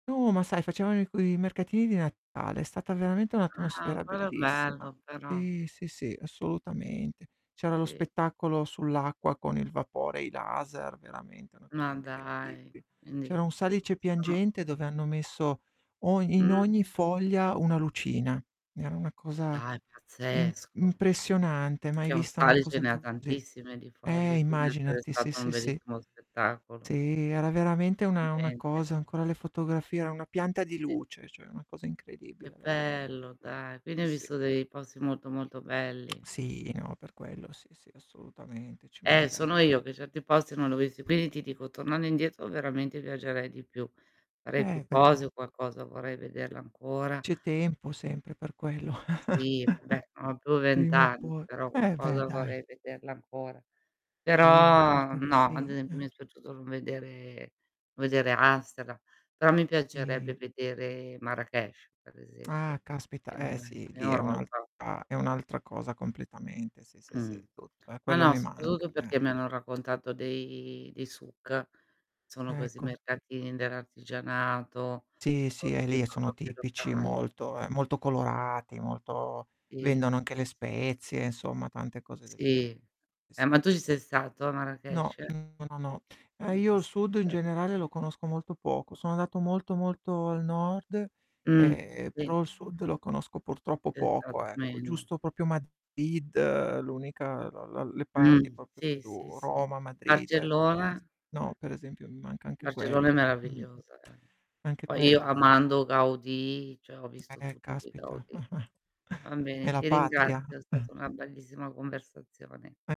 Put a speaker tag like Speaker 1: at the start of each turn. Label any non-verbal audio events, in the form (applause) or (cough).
Speaker 1: No, ma sai facevano i quei mercatini di Natale, è stata veramente
Speaker 2: Ah,
Speaker 1: un'atmosfera
Speaker 2: quello è
Speaker 1: bellissima.
Speaker 2: bello però.
Speaker 1: Sì, sì, sì, assolutamente. C'era lo
Speaker 2: Sì.
Speaker 1: spettacolo sull'acqua con il vapore e i laser, veramente una cosa
Speaker 2: Ma dai.
Speaker 1: incredibile. C'era
Speaker 2: Quindi,
Speaker 1: un salice
Speaker 2: sono
Speaker 1: piangente, dove hanno messo ogn in
Speaker 2: Mh.
Speaker 1: ogni foglia una lucina. Era una cosa
Speaker 2: Dai
Speaker 1: im
Speaker 2: pazzesco.
Speaker 1: impressionante, mai
Speaker 2: E un
Speaker 1: vista una
Speaker 2: salice
Speaker 1: cosa
Speaker 2: ne ha
Speaker 1: così.
Speaker 2: tantissime di
Speaker 1: Eh,
Speaker 2: foglie, quindi deve essere
Speaker 1: immaginati, sì
Speaker 2: stato un
Speaker 1: sì sì.
Speaker 2: bellissimo
Speaker 1: Si,
Speaker 2: spettacolo.
Speaker 1: era veramente una una
Speaker 2: Veramente.
Speaker 1: cosa ho ancora le fotografie, era una pianta di
Speaker 2: Sì.
Speaker 1: luce, cioè una cosa incredibile
Speaker 2: Che
Speaker 1: veramente.
Speaker 2: bello dai, quindi hai
Speaker 1: Sì.
Speaker 2: visto dei posti molto molto belli.
Speaker 1: Sì, no, per quello sì sì, assolutamente, ci
Speaker 2: Eh,
Speaker 1: manchere
Speaker 2: sono io che certi posti non li ho visti, quindi ti dico tornando indietro veramente viaggerei di più. Farei
Speaker 1: Eh,
Speaker 2: più
Speaker 1: beh, dai.
Speaker 2: cose o qualcosa vorrei vederla ancora.
Speaker 1: C'è tempo sempre per quello. (chuckles)
Speaker 2: Sì. Beh, non ho più 20
Speaker 1: Prima o
Speaker 2: anni,
Speaker 1: poi.
Speaker 2: però
Speaker 1: Eh, beh
Speaker 2: qualcosa
Speaker 1: dai.
Speaker 2: vorrei vederla ancora.
Speaker 1: Sì, ma
Speaker 2: Però
Speaker 1: certo che
Speaker 2: no, ad
Speaker 1: sì,
Speaker 2: esempio mi è
Speaker 1: eh.
Speaker 2: spiaciuto non vedere vedere Astara, però mi piacerebbe
Speaker 1: Sì.
Speaker 2: vedere Marrakech per esempio
Speaker 1: Ah, caspita.
Speaker 2: in
Speaker 1: Eh,
Speaker 2: un
Speaker 1: sì,
Speaker 2: in
Speaker 1: lì è un' altra
Speaker 2: Europa.
Speaker 1: è un'altra cosa completamente, sì sì sì,
Speaker 2: Mh.
Speaker 1: tutto. Eh,
Speaker 2: Ma
Speaker 1: quello
Speaker 2: no,
Speaker 1: mi manca,
Speaker 2: soprattutto perché
Speaker 1: eh.
Speaker 2: mi hanno raccontato dei dei suk, sono questi
Speaker 1: Ecco.
Speaker 2: mercatini dell'artigianato,
Speaker 1: Sì,
Speaker 2: con
Speaker 1: sì. Eh,
Speaker 2: tutti
Speaker 1: lì è che sono
Speaker 2: prodotti
Speaker 1: tipici, è
Speaker 2: locali.
Speaker 1: molto è molto colorati, molto
Speaker 2: Sì,
Speaker 1: vendono
Speaker 2: sì,
Speaker 1: anche le
Speaker 2: sì, sì.
Speaker 1: spezie insomma tante cose del gen
Speaker 2: Sì.
Speaker 1: sì,
Speaker 2: Eh, ma
Speaker 1: sì.
Speaker 2: tu ci sei stato a
Speaker 1: No
Speaker 2: Marrakech?
Speaker 1: mh, no no. Eh,
Speaker 2: Non
Speaker 1: io
Speaker 2: ci
Speaker 1: il
Speaker 2: sei
Speaker 1: sud in
Speaker 2: ancora
Speaker 1: generale
Speaker 2: stato.
Speaker 1: lo conosco molto poco. Sono andato molto molto al nord,
Speaker 2: Mh,
Speaker 1: ehm,
Speaker 2: sì.
Speaker 1: però il sud lo conosco purtroppo
Speaker 2: Sei stato
Speaker 1: poco ecco,
Speaker 2: meno.
Speaker 1: giusto proprio Madrid, l'unica la la le parti
Speaker 2: Mh,
Speaker 1: proprio
Speaker 2: sì, sì,
Speaker 1: più
Speaker 2: sì.
Speaker 1: Roma, Madrid ecco,
Speaker 2: Barcellona?
Speaker 1: basta. No, per esempio mi manca anche quella.
Speaker 2: Barcellona è
Speaker 1: Mhmm.
Speaker 2: meravigliosa eh.
Speaker 1: Anche
Speaker 2: Poi io
Speaker 1: quella eh.
Speaker 2: amando Gaudì, cioè ho visto
Speaker 1: Eh,
Speaker 2: tutto di
Speaker 1: caspita
Speaker 2: Gaudì.
Speaker 1: (chuckles)
Speaker 2: Va
Speaker 1: è
Speaker 2: bene,
Speaker 1: la
Speaker 2: ti
Speaker 1: patria.
Speaker 2: ringrazio, è
Speaker 1: (chuckles)
Speaker 2: stata una bellissima conversazione.
Speaker 1: E